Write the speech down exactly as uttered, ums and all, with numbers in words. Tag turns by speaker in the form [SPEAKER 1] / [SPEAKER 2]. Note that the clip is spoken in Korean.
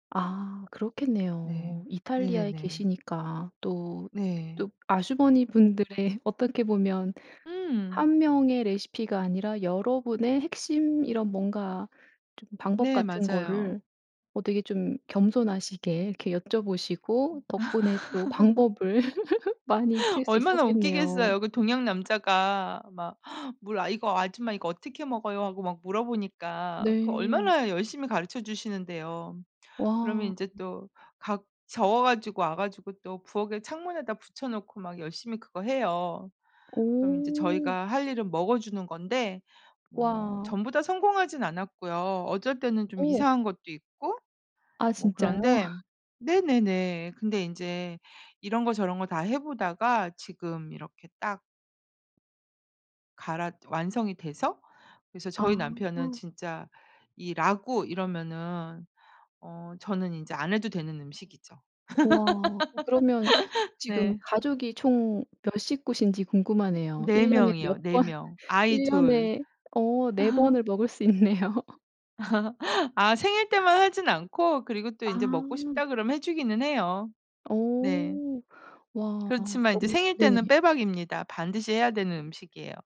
[SPEAKER 1] 아
[SPEAKER 2] 네.
[SPEAKER 1] 그렇겠네요. 이탈리아에
[SPEAKER 2] 네네네.
[SPEAKER 1] 계시니까 또
[SPEAKER 2] 네.
[SPEAKER 1] 또 아주머니분들의 어떻게 보면
[SPEAKER 2] 음.
[SPEAKER 1] 한 명의 레시피가 아니라 여러 분의 핵심 이런 뭔가 좀 방법
[SPEAKER 2] 네.
[SPEAKER 1] 같은
[SPEAKER 2] 맞아요.
[SPEAKER 1] 거를 어 되게 좀 겸손하시게 이렇게 여쭤보시고 덕분에 또 방법을 많이 익힐 수
[SPEAKER 2] 얼마나
[SPEAKER 1] 있었겠네요.
[SPEAKER 2] 웃기겠어요. 그 동양 남자가 막 물 "아 이거 아줌마 이거 어떻게 먹어요?" 하고 막 물어보니까 그
[SPEAKER 1] 네.
[SPEAKER 2] 얼마나 열심히 가르쳐 주시는데요. 그러면
[SPEAKER 1] 와.
[SPEAKER 2] 인제 또 각 적어 가지고 와 가지고 또 부엌에 창문에다 붙여 놓고 막 열심히 그거 해요. 그럼 인제
[SPEAKER 1] 오.
[SPEAKER 2] 저희가 할 일은 먹어주는 건데 뭐
[SPEAKER 1] 와.
[SPEAKER 2] 전부 다 성공하진 않았고요. 어쩔 때는 좀
[SPEAKER 1] 어.
[SPEAKER 2] 이상한 것도 있고
[SPEAKER 1] 아
[SPEAKER 2] 뭐
[SPEAKER 1] 진짜요?
[SPEAKER 2] 그런데 네네네. 근데 인제 이런 거 저런 거 다 해 보다가 지금 이렇게 딱 갈았 완성이 돼서 그래서
[SPEAKER 1] 아.
[SPEAKER 2] 저희 남편은 진짜 이 라구 이러면은 어 저는 인제 안 해도 되는 음식이죠.
[SPEAKER 1] 와. 어 그러면 지금
[SPEAKER 2] 네.
[SPEAKER 1] 가족이 총 몇 식구신지 궁금하네요.
[SPEAKER 2] 네
[SPEAKER 1] 일 년에 몇
[SPEAKER 2] 명이요, 네
[SPEAKER 1] 번
[SPEAKER 2] 명. 아이
[SPEAKER 1] 일
[SPEAKER 2] 둘.
[SPEAKER 1] 년에 어 네 번을 먹을 수 있네요.
[SPEAKER 2] 아 생일 때만 하진 않고 그리고 또 인제 "먹고
[SPEAKER 1] 아.
[SPEAKER 2] 싶다." 그러면 해 주기는 해요.
[SPEAKER 1] 어.
[SPEAKER 2] 네.
[SPEAKER 1] 와
[SPEAKER 2] 그렇지만 인제
[SPEAKER 1] 정말
[SPEAKER 2] 생일 때는
[SPEAKER 1] 네네.
[SPEAKER 2] 빼박입니다. 반드시 해야 되는 음식이에요.